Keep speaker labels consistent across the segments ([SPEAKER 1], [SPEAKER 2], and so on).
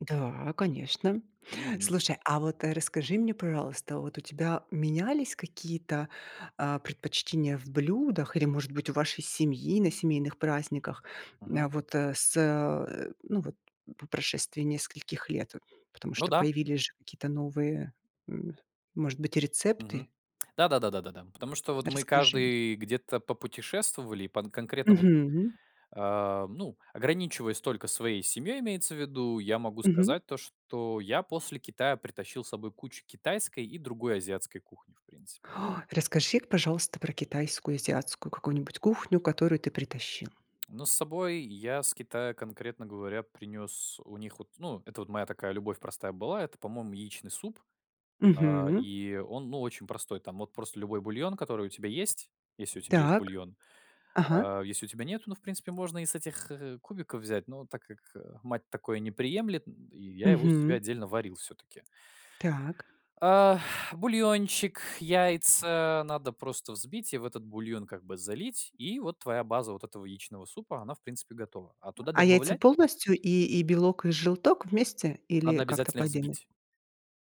[SPEAKER 1] Да, конечно.
[SPEAKER 2] Мгм.
[SPEAKER 1] Слушай, а вот расскажи мне, пожалуйста, вот у тебя менялись какие-то, а, предпочтения в блюдах или, может быть, у вашей семьи на семейных праздниках?
[SPEAKER 2] Мгм.
[SPEAKER 1] М, вот, э, с э, ну, вот по прошествии нескольких лет. Потому
[SPEAKER 2] Ну
[SPEAKER 1] что
[SPEAKER 2] да.
[SPEAKER 1] появились же какие-то новые, м, может быть, рецепты.
[SPEAKER 2] Мгм. Да-да-да, да, да. Потому что вот мы
[SPEAKER 1] Расскажи мне.
[SPEAKER 2] каждый где-то попутешествовали, по н конкретно вот,
[SPEAKER 1] Мгм.
[SPEAKER 2] э, ну, ограничиваясь только своей семьей, имеется в виду, я могу
[SPEAKER 1] Мгм.
[SPEAKER 2] сказать то, что я после Китая притащил с собой кучу китайской и другой азиатской кухни в принципе.
[SPEAKER 1] Расскажи, пожалуйста, про китайскую и азиатскую какую-нибудь кухню, которую ты притащил.
[SPEAKER 2] Но с собой я с Китая, конкретно говоря, принёс у них вот ну, это вот моя такая любовь простая была- это, по-моему, яичный суп. А,
[SPEAKER 1] Мгм.
[SPEAKER 2] и он, ну, очень простой. Там вот просто любой бульон, который у тебя есть, если у тебя есть
[SPEAKER 1] Так.
[SPEAKER 2] бульон,
[SPEAKER 1] Ага.
[SPEAKER 2] а если у тебя нету, ну, в принципе, можно и с этих, э, кубиков взять, но так как, э, мать такое не приемлет, м, и я его себе
[SPEAKER 1] Мгм.
[SPEAKER 2] отдельно варил все-таки.
[SPEAKER 1] Так.
[SPEAKER 2] А. Бульончик, яйца надо просто взбить и в этот бульон как бы залить, и вот твоя база вот этого яичного супа, она в принципе готова. А туда
[SPEAKER 1] А яйца
[SPEAKER 2] добавлять
[SPEAKER 1] полностью: и и белок, и желток вместе или
[SPEAKER 2] Надо
[SPEAKER 1] как-то
[SPEAKER 2] обязательно
[SPEAKER 1] по
[SPEAKER 2] их
[SPEAKER 1] отдельности?
[SPEAKER 2] взбить.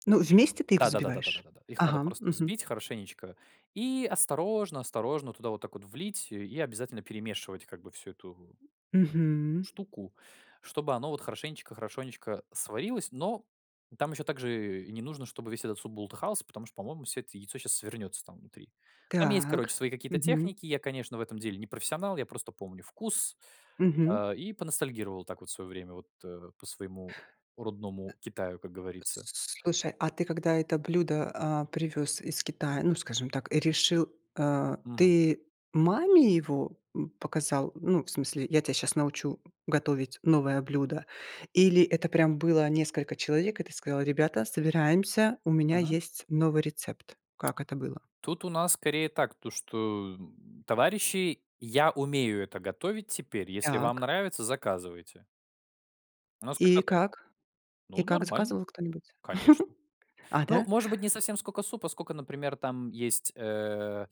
[SPEAKER 1] Ну, вместе ты их
[SPEAKER 2] Да-да-да, да, да, да,
[SPEAKER 1] взбиваешь?
[SPEAKER 2] да. Их надо
[SPEAKER 1] Ага.
[SPEAKER 2] просто
[SPEAKER 1] Мгм.
[SPEAKER 2] взбить хорошенечко и осторожно осторожно туда вот так вот влить и обязательно перемешивать как бы всю эту
[SPEAKER 1] Мгм.
[SPEAKER 2] штуку, чтобы оно вот хорошенечко хорошенечко сварилось, но там еще также не нужно, чтоб весь этот суп бултыхался, потому что, по-моему, всё это яйцо щас свернется там внутри. Там есть,
[SPEAKER 1] Так.
[SPEAKER 2] короче, свои какие-то
[SPEAKER 1] Мгм.
[SPEAKER 2] техники. Я, конечно, в этом деле не профессионал, я просто помню вкус.
[SPEAKER 1] Мгм.
[SPEAKER 2] А, и поностальгировал так вот в свое время вот, э, по своему родному Китаю, как говорится.
[SPEAKER 1] Слушай, а ты когда это блюдо, а, привёз из Китая, ну, скажем так, и решил, э,
[SPEAKER 2] Мгм.
[SPEAKER 1] ты маме его, м, показал, ну, в смысле: "Я тебя сейчас научу готовить новое блюдо?" Или это прям было несколько человек, и ты сказал: "Ребята, собираемся, у меня
[SPEAKER 2] Мгм.
[SPEAKER 1] есть новый рецепт?" Как это было?
[SPEAKER 2] Тут у нас скорее так, то что, м, товарищи: "Я умею это готовить теперь. Если вам
[SPEAKER 1] Так.
[SPEAKER 2] нравится, заказывайте". У нас
[SPEAKER 1] И
[SPEAKER 2] как-то так.
[SPEAKER 1] как? И
[SPEAKER 2] Ну,
[SPEAKER 1] как,
[SPEAKER 2] нормально.
[SPEAKER 1] заказывал кто-нибудь?
[SPEAKER 2] Конечно.
[SPEAKER 1] А,
[SPEAKER 2] Ну,
[SPEAKER 1] да?
[SPEAKER 2] может быть, не совсем сколько супа, сколько, например, там есть, э,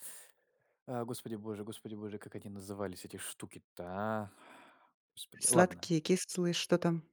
[SPEAKER 2] э, господи боже, господи боже, как они назывались эти штуки-то, а? Господи. Ладно.
[SPEAKER 1] Сладкие, кислые. Что там?